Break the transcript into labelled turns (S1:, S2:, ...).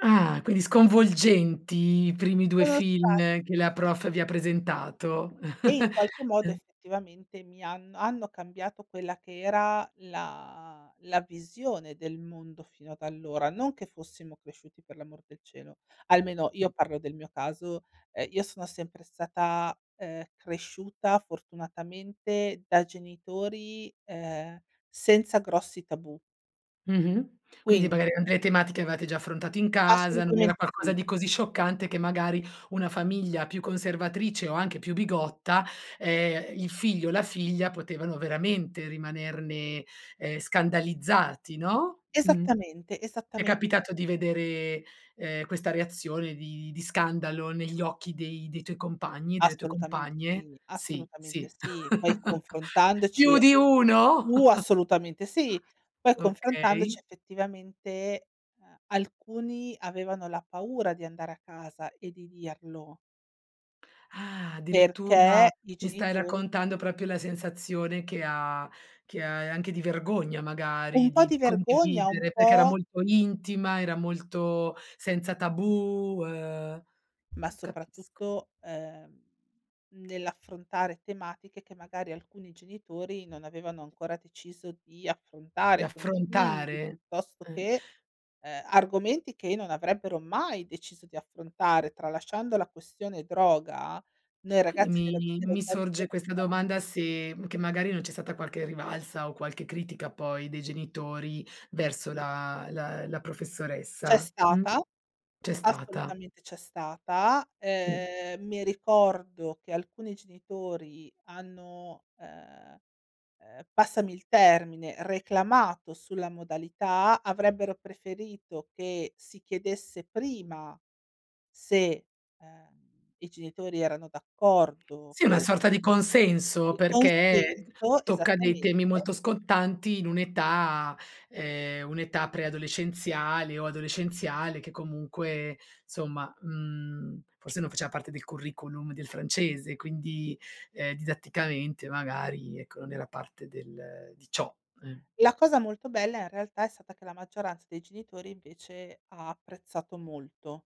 S1: Ah! Quindi sconvolgenti i primi 2
S2: Sono
S1: film
S2: spa
S1: che la prof vi ha presentato.
S2: E, in qualche modo,
S1: Uhm
S2: effettivamente, mi hanno hanno cambiato quella che era la la visione del mondo fino ad allora, non che fossimo cresciuti, per l'amor del cielo almeno, io parlo del mio caso, ehm, io sono sempre stata, ehm, cresciuta, fortunatamente, da genitori, ehm, senza grossi tabù.
S1: Mh-mh, quindi
S2: Quindi
S1: magari, uhm, le tematiche avevate già affrontato in casa, non era
S2: Assolutamente
S1: qualcosa
S2: sì.
S1: di così scioccante che, magari, una famiglia più conservatrice o anche più bigotta ehm, il figlio o la figlia potevano veramente rimanerne, ehm, scandalizzati, no? Mh.
S2: Esattamente,
S1: È
S2: esattamente.
S1: capitato di vedere, ehm, questa reazione di di scandalo, negli occhi dei dei tuoi compagni e delle tue
S2: Assolutamente
S1: compagne?
S2: sì,
S1: Sì,
S2: assolutamente
S1: sì.
S2: sì. Poi confrontandoci
S1: Più di uno?!
S2: uh! Assolutamente sì, poi confrontandoci,
S1: Okay.
S2: effettivamente, uhm, alcuni avevano la paura di andare a casa e di dirlo
S1: Ah,
S2: perché
S1: addirittura!
S2: i
S1: Mi stai
S2: genitori
S1: raccontando proprio la sensazione che ha che ha uhm, anche di vergogna
S2: Un
S1: magari,
S2: po'
S1: di
S2: di
S1: di
S2: vergogna, un
S1: condividere, perché era
S2: po'
S1: molto intima, era molto senza tabù uhm,
S2: Ma,
S1: capisco.
S2: soprattutto, ehm, nell'affrontare tematiche che, magari, alcuni genitori non avevano ancora deciso di
S1: Di
S2: affrontare con i figli,
S1: affrontare,
S2: piuttosto
S1: eh.
S2: che, ehm, argomenti che non avrebbero mai deciso di affrontare. Tralasciando la questione droga, noi
S1: Quindi
S2: ragazzi del
S1: mi
S2: dello
S1: mi
S2: zoo di
S1: sorge questa
S2: Berlino
S1: domanda, se che magari non c'è stata qualche rivalsa o qualche critica, poi, dei genitori, verso la la la
S2: C'è
S1: professoressa, mh?
S2: stata
S1: C'è stata.
S2: assolutamente, c'è stata,
S1: Sì.
S2: ehm, mi ricordo che alcuni genitori hanno, ehm, ehm, passami il termine, reclamato sulla modalità, avrebbero preferito che si chiedesse prima, se, uhm, i genitori erano d'accordo,
S1: Sì, è una
S2: che
S1: sorta di consenso
S2: Di
S1: perché
S2: consenso,
S1: tocca dei
S2: esattamente.
S1: temi molto scottanti in un'età ehm, un'età preadolescenziale o adolescenziale, che comunque, insomma, mhmm, forse non faceva parte del curriculum del francese, quindi, ehm, didatticamente magari, ecco, non era parte del di ciò, eh.
S2: La cosa molto bella, in realtà, è stata che la maggioranza dei genitori, invece, ha apprezzato molto.